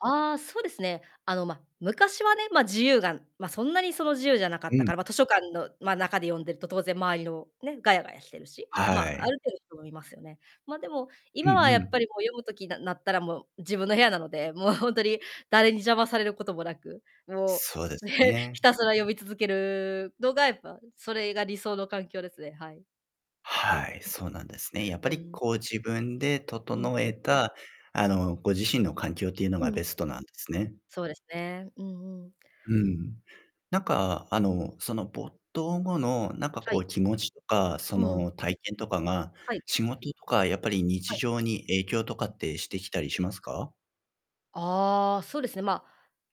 ああ、そうですね。あの、ま、昔はね、ま、自由がま、そんなに、その、自由じゃなかうったかん。ら、ま、図書館の、ま、中で読んでると、当然周りのね、ガヤガヤしてるし、はま、あい。る程度人もいますよね。ま、でも、うん今はやうっん。ぱりもう読む時ななったらもう自分の部屋なので、もうほんとに、誰に邪魔されることも無く、もそうでう、すね、ひね。たすら読み続けるのが、やっぱそれが理想の環境ですね。はい。はい、そうなんですね。やっぱうりん。こう自分でうん整うえん。た、あの、ご自身の環境ってゆうのうがベむ。ストなんですね。そうですね。うんうん。うん。なんか、あの、その、没頭後の、なんかはこい。う気持ちとか、そうん。の、体験とかが、はい。仕事とかやっぱり日はい。常に影響とかん。ってしてきたりしますか？ああ、そうですね、まあ、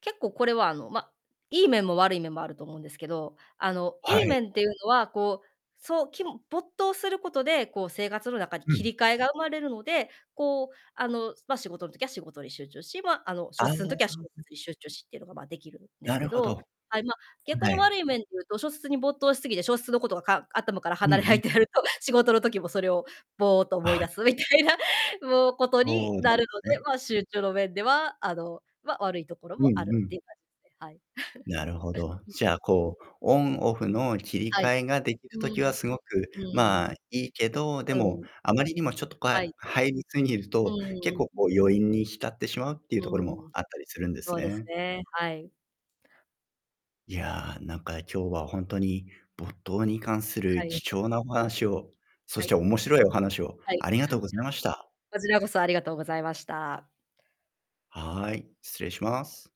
結構これは、あの、ま、いい面も悪い面もあると思うんですけど、あの、はいいい。面っていうのは、こう、そう、きむ没頭することで、こう、生活の中にう切ん。り替えが生まれるので、こう、あの、ま、仕事ん時は仕事に集中し、ま、あの、ああ、小はん説んは時は小ん。説に集中しってのが、ま、出来るんでなするけほど。ど。はい、ま、逆はにい。悪い面で言うと、小説に没頭しすぎて、小説のことが、か頭からうん離れなういっん。てなると、仕事の時もそれを、ぼーっと思いあ。出すみたいな、もう、ことそにうななんるすので、ね。まあ、集中の面では、あの、ま、悪いところうもあんるうっん。ていう感じで、はい。なるほど。じゃあこう、オンオフの切りはい。替えができうる時はん。すごく、うん。まあ、いいけど、でうも、ん。あまりにもちょっとこ、はあ、い。入りすぎるうと、結ん構うん、こん。う余韻に浸ってしまうってゆうところうもん。あったりするんですそうですね。ね、はい。いや、なんか今日はほんとに、没頭に関すはるい。貴重なお話を、そはしい、てん。面白いお話をはい。ありがとうございました。こちらこそありがとうございました。はい、失礼します。